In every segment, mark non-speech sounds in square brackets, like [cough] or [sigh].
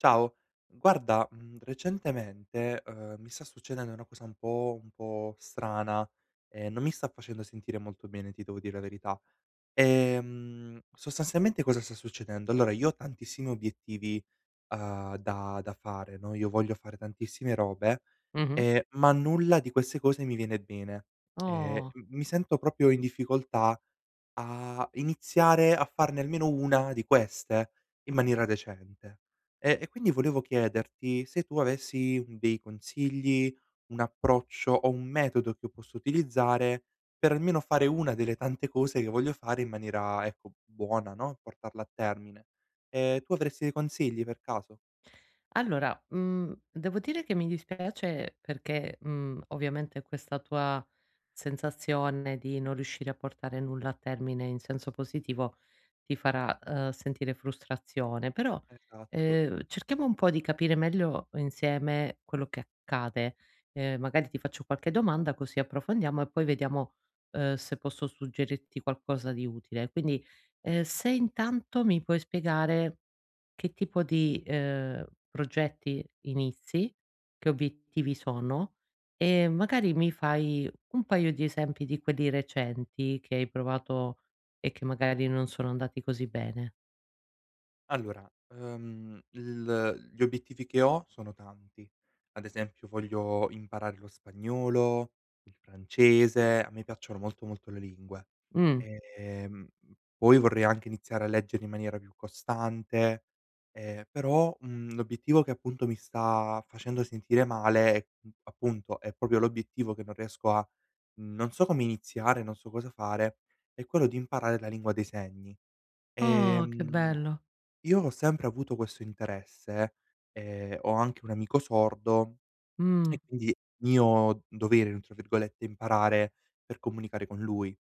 Ciao. Guarda, mhmm, recentemente, uhm, mi sta succedendo una cosa un po' un po' strana, e non mi sta facendo sentire molto bene, ti devo dire la verità. Ehm, sostanzialmente cosa sta succedendo: allora io ho tantissimi obiettivi, uhm, da da fare, no, io voglio fare tantissime robe Mh-mh. e ma nulla di queste cose mi viene bene. Ehm, Oh! m mi sento proprio in difficoltà a iniziare a farne almeno una di queste in maniera decente e e quindi volevo chiederti se tu avessi dei consigli, un approccio o un metodo che posso utilizzare, per almeno fare una delle tante cose che voglio fare in maniera, ecco, buona, no, portarla a termine. Ehm, tu avresti dei consigli per caso? Allora, mhmm, devo dire che mi dispiace perché, mhmm, ovviamente, questa tua sensazione di non riuscire a portare nulla a termine in senso positivo ti farà, uhm, sentire frustrazione, però, Esatto. ehm, cerchiamo un po' di capire meglio insieme quello che accade. Uhm, magari ti faccio qualche domanda così approfondiamo, e poi vediamo, uhm, se posso suggerirti qualcosa di utile. Quindi, ehm, se intanto mi puoi spiegare che tipo di, ehm, progetti inizi, che obiettivi sono e magari mi fai un paio di esempi di quelli recenti che hai provato e che magari non sono andati così bene. Allora, uhm, il gli obiettivi che ho sono tanti. Ad esempio voglio imparare lo spagnolo, il francese, a me piacciono molto, molto le lingue. Mh. Ehm, m poi vorrei anche iniziare a leggere in maniera più costante, ehm, però, mhmm, l'obiettivo che, appunto, mi sta facendo sentire male è, mhmm, appunto è proprio l'obiettivo che non riesco a mhmm, non so come iniziare, non so cosa fare, è quello di imparare la lingua dei segni. Oh, che Ehm, bello! io ho sempre avuto questo interesse, ehm, ho anche un amico sordo, [tsk] è Mh. quindi mio dovere, [unintelligible] virgolette, imparare per comunicare con lui,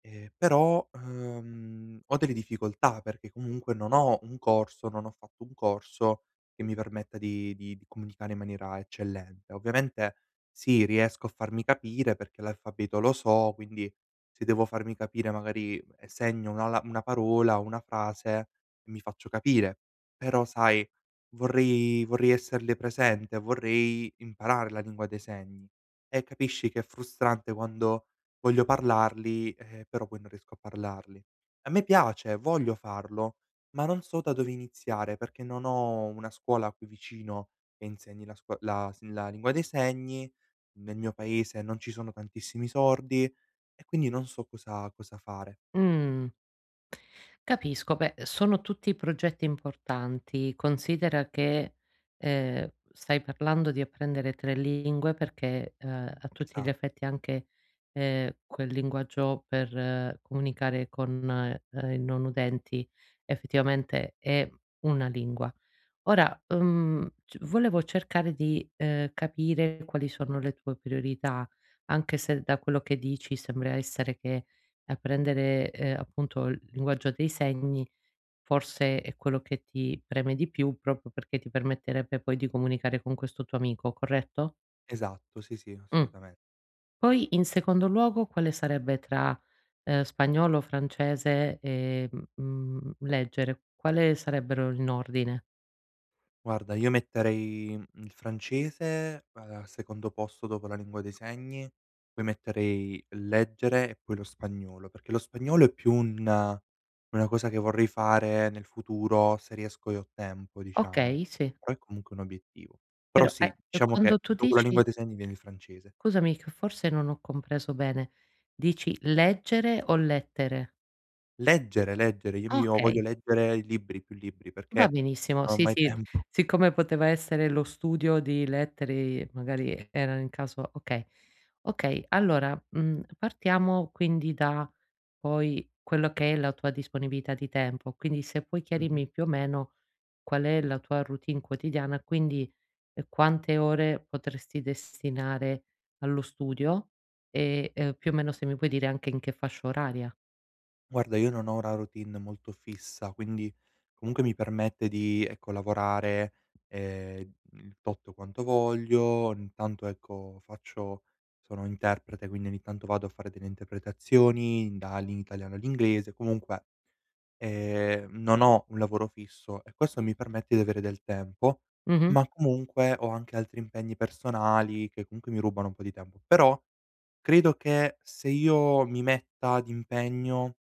ehm, però, uhm, ho delle difficoltà perché comunque non ho un corso non ho fatto un corso che mi permetta di di di comunicare in maniera eccellente. Ovviamente, sì, riesco a farmi capire perché l'alfabeto lo so, quindi, se devo farmi capire magari e segno una la una parola, una frase, mi faccio capire. Però, sai, vorrei vorrei esserle presente, vorrei imparare la lingua dei segni. E capisci che è frustrante quando voglio parlarli, eh, però poi non riesco a parlarli. A me piace, voglio farlo, ma non so da dove iniziare perché non ho una scuola qui vicino che insegni la scuo la s la lingua dei segni, nel mio paese non ci sono tantissimi sordi e quindi non so cosa cosa fare. Mh. Capisco. Beh, sono tutti progetti importanti. Considera che, ehm, stai parlando di apprendere 3 lingue perché, uhm, a tutti gli Esa effetti, anche, ehm, quel linguaggio per comunicare con, uhm, i non udenti effettivamente è una lingua. Ora, uhm, c volevo cercare di, ehm, capire quali sono le tue priorità, anche se da quello che dici sembra essere che apprendere, ehm, appunto, il linguaggio dei segni forse è quello che ti preme di più, proprio perché ti permetterebbe poi di comunicare con questo tuo amico, corretto? Esatto. Sì, sì, Mh. assolutamen Poi, in secondo luogo, quale sarebbe tra, uhm, spagnolo, francese e, mhmm, leggere? Quale sarebbero in ordine? Guarda, io metterei il francese al secondo posto dopo la lingua dei segni, poi metterei leggere e poi lo spagnolo. Perché lo spagnolo è più una una cosa che vorrei fare nel futuro se riesco e ho tempo, diciamo, Okay, sì. però è comunque un obiettivo. Però Però ae sì, e diciamo quando che tu dopo la lingua dici dei segni viene il francese. scusami che forse non ho compreso bene, dici leggere o lettere? Leggere, leggere! Il mio voglio Okay. leggere i libri più libri Va perché benissimo. non ho Sì, mai sì, tempo. siccome poteva essere lo studio di lettere e magari erano in caso okay. Okay, allora, mhmmm, partiamo quindi da, poi, quello che è la tua disponibilità di tempo. Quindi se puoi Mh-mh. chiarirmi, più o meno, qual è la tua routine quotidiana, quindi quante ore potresti destinare allo studio e, ehm, più o meno se mi puoi dire anche in che fascia oraria. Guarda, io non ho una routine molto fissa, quindi comunque mi permette di, ecco, lavorare, ehm, il tot quanto voglio, intanto, ecco, faccio sono interprete quindi ogni tanto vado a fare delle interpretazioni, dal in Italiano all'inglese, comunque ehm, non ho un lavoro fisso e questo mi permette di avere del tempo, Mh-mh. ma comunque ho anche altri impegni personali che, comunque, mi rubano un po' di tempo. Però credo che, se io mi metta d'impegno,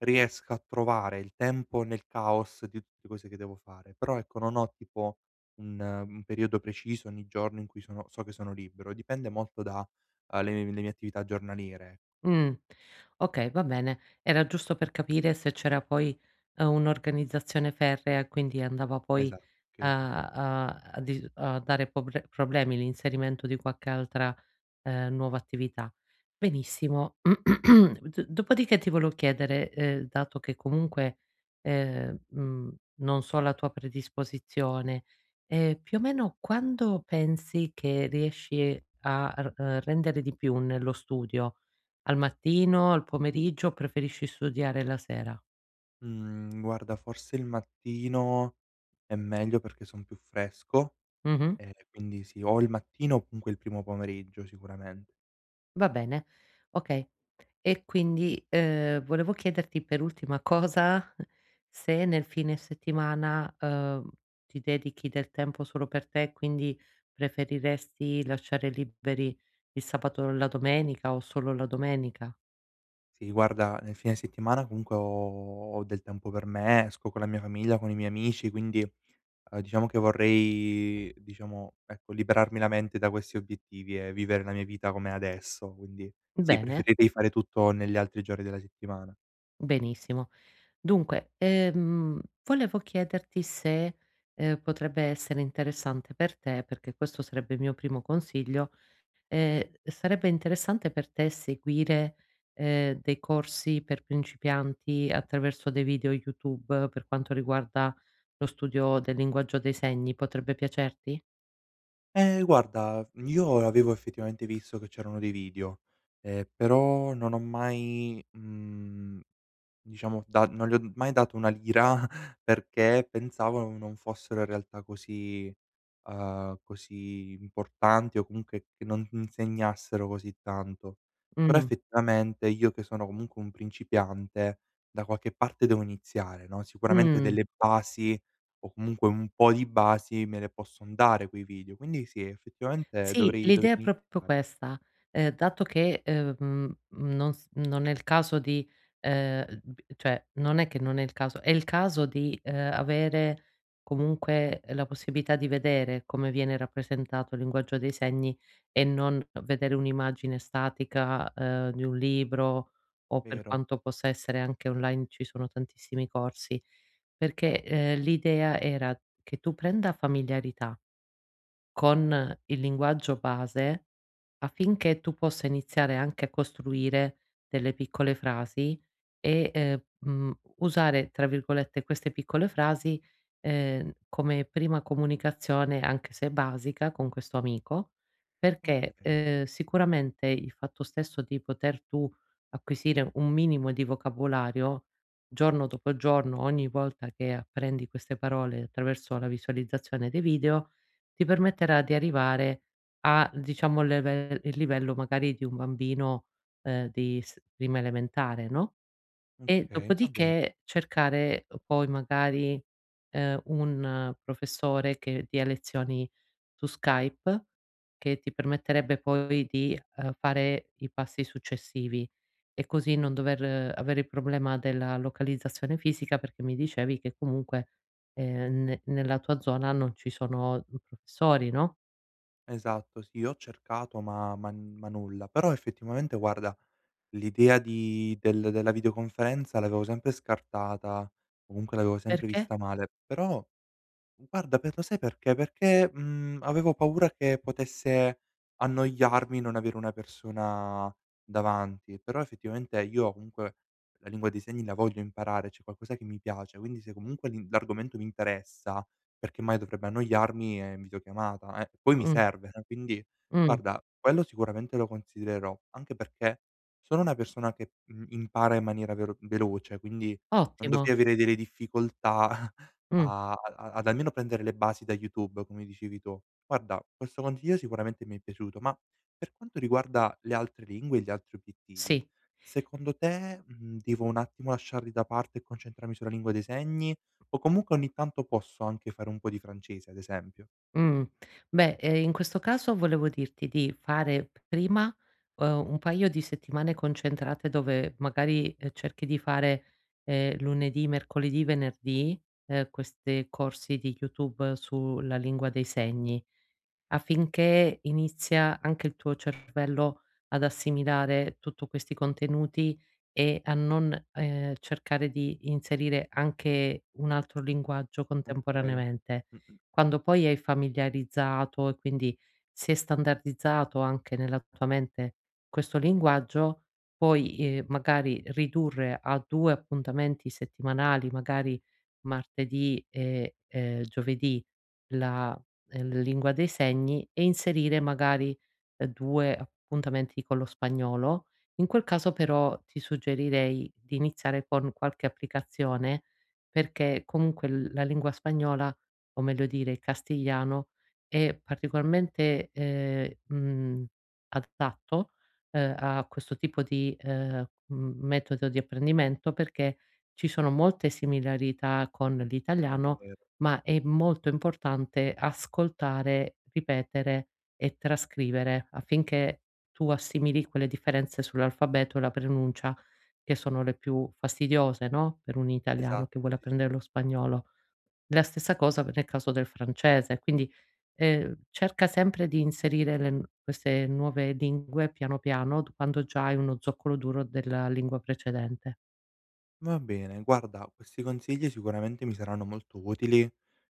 riesca a trovare il tempo nel caos di tutte cose che devo fare. Però ecco non ho, tipo, un un periodo preciso, ogni giorno in cui sono so che sono libero. Dipende molto da, uhm, le mie le mie attività giornaliere. Mh. Okay, va bene. Era giusto per capire se c'era poi, uhm, un'organizzazione ferrea e quindi andava Esa poi okay, a okay, ho capi a a dir a dare poble problemi l'inserimento di qualche altra, ehm, nuova attività. Benissimo, [clears throat] d dopodiché ti volo chiedere, ehm, dato che comunque, uhm, mhmm, non so la tua predisposizione, ehm, più o meno quando pensi che riesci a r ehm, rendere di più nello studio: al mattino, al pomeriggio o preferisci studiare la sera? Mhmm, [tsk] guarda, forse il mattino è meglio perché son più fresco, Mh-mh. e quindi sì. O il mattino o comunque il primo pomeriggio, sicuramen Va bene, okay. E quindi, uhm, volevo chiederti, per ultima cosa, se nel fine settimana, uhm, ti dedichi del tempo solo per te, quindi, preferiresti lasciare liberi il sabato o la domenica, o solo la domenica? Sì, guarda, nel fine settimana comunque ho ho del tempo per me, esco con la mia famiglia, con i miei amici, quindi, uhm, diciamo che vorrei, diciamo, ecco, liberarmi la mente da questi obiettivi e vivere la mia vita come è adesso, quindi sì: Bene. preferirei fare tutto negli altri giorni della settimana. Benissimo. Dunque, ehm, volevo chiederti se, ehm, potrebbe essere interessante per te, perché questo sarebbe il mio primo consiglio, ehm, sarebbe interessante per te seguire, ehm, dei corsi per principianti attraverso dei video YouTube, per quanto riguarda lo studio del linguaggio dei segni. Potrebbe piacerti? Eh, guarda v io avevo effettivamente visto che c'erano dei video, ehm, però non ho mai, mhmm, diciamo, da non li ho mai dato una lira perché pensavo non non fossero in realtà così uhm, così importanti o comunque che non insegnassero così tanto. Però Mh. effettivamente, io che sono comunque un principiante, da qualche parte devo iniziare, no, sicuramente Mh. delle basi, o comunque un po' di basi, me le posson dare quei video. Quindi sì, effettivamente Sì, dovrei dovrei l'idea è proprio iniziare. questa: uhm, dato che, uhm, mhmm mhmm nos non è il caso di, uhm b cioè, non è che non è il caso è il caso di, uhm, avere comunque la possibilità di vedere come viene rappresentato il linguaggio dei segni e non vedere un'immagine statica, uhm, di un libro o per Vero. quanto possa essere, anche online ci sono tantissimi corsi, perché, ehm, l'idea era che tu prenda familiarità con il linguaggio base, affinché tu possa iniziare anche a costruire delle piccole frasi e, ehm, mhmm, usare, tra virgolette, queste piccole frasi, ehm, come prima comunicazione, anche se basica, con questo amico. Perché, Okay. uhm, sicuramente, il fatto stesso di poter tu acquisire un minimo di vocabolario, giorno dopo giorno, ogni volta che apprendi queste parole attraverso la visualizzazione dei video, ti permetterà di arrivare a, diciamo, il level il livello magari di un bambino, uhm, di s prima elementare, no? E Okay, va bene. dopodiché cercare poi, magari, ehm, un professore che dia lezioni su Skype, che ti permetterebbe poi di, uhm, fare i passi successivi e così non dover avere il problema della localizzazione fisica, perché mi dicevi che comunque ehm, ne nella tua zona non ci sono, uhm, professori, no? Esatto, sì. Io ho cercato ma ma n ma nulla. Però effettivamente guarda, l'idea di del della videoconferenza l'avevo sempre scartata, comunque l'avevo sempre Perché? vista male. Però, guarda, per lo sai perché? Perché, mhmm, avevo paura che potesse annoiarmi non avere una persona davanti. Però effettivamente io, comunque, la lingua dei segni la voglio imparare, cioè è qualcosa che mi piace. Quindi se comunque l'in l'argomento mi interessa, perché mai dovrebbe annoiarmi e in videochiamata, eh. Poi mi Mh. serve, eh, quindi, Mh. guarda, quello sicuramente lo considererò, anche perché sono una persona che, mhmm, impara in maniera vero veloce, quindi non Ottimo. dovrei avere delle difficoltà [chuckles] Mh. a a ad almeno prendere le basi da YouTube, come dicevi tu. Guarda, questo consiglio sicuramente mi è piaciuto, ma, per quanto riguarda le altre lingue e gli altri obiettivi, Sì. secondo te, mhmm, devo un attimo lasciarli da parte e concentrarmi sulla lingua dei segni o comunque ogni tanto posso anche fare un po' di francese, ad esempio? Mhmm. Beh, ehm, in questo caso volevo dirti di fare p prima, uhm, un paio di settimane concentrate dove magari, ehm, cerchi di fare, ehm, lunedì, mercoledì, venerdì, uhm, queste corsi di YouTube sulla lingua dei segni, affinché inizia anche il tuo cervello ad assimilare tutto questi contenuti e a non, ehm, cercare di inserire anche un altro linguaggio Okay, contemporaneamente. mh-mh. Quando poi hai familiarizzato, e quindi si è standardizzato anche nella tua mente questo linguaggio, puoi, ehm, magari ridurre a 2 appuntamenti settimanali, magari martedì, e, ehm, giovedì, la, l lingua dei segni e inserire, magari, uhm, 2 appuntamenti con lo spagnolo. In quel caso però, ti suggerirei di iniziare con qualche applicazione, perché comunque l la lingua spagnola, o meglio dire il castigliano, è particolarmente, ehm, mhmm, adatto, uhm, a questo tipo di, uhm, m metodo di apprendimento, perché ci sono molte similarità con Eh, l'italiano, vero. ma è molto importante ascoltare, ripetere e trascrivere, affinché tu assimili quelle differenze sull'alfabeto e la pronuncia che sono le più fastidiose, no, per un italiano Esatto. che vuole Sì, sì. apprendere lo spagnolo. La stessa cosa pe nel caso del francese, quindi, ehm, cerca sempre di inserire le n queste nuove lingue piano piano, d quando già hai uno zoccolo duro della lingua precedente. Va bene. Guarda, questi consigli sicuramente mi saranno molto utili.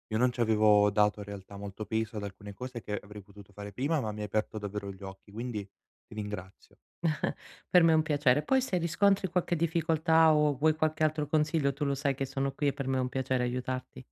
Io non ci avevo dato in realtà molto peso ad alcune cose che avrei potuto fare prima, ma mi hai aperto davvero gli occhi, quindi ti ringrazio. [chuckles] Per me è un piacere. Poi se riscontri qualche difficoltà o vuoi qualche altro consiglio, tu lo sai che sono qui, e per me è un piacere aiutarti.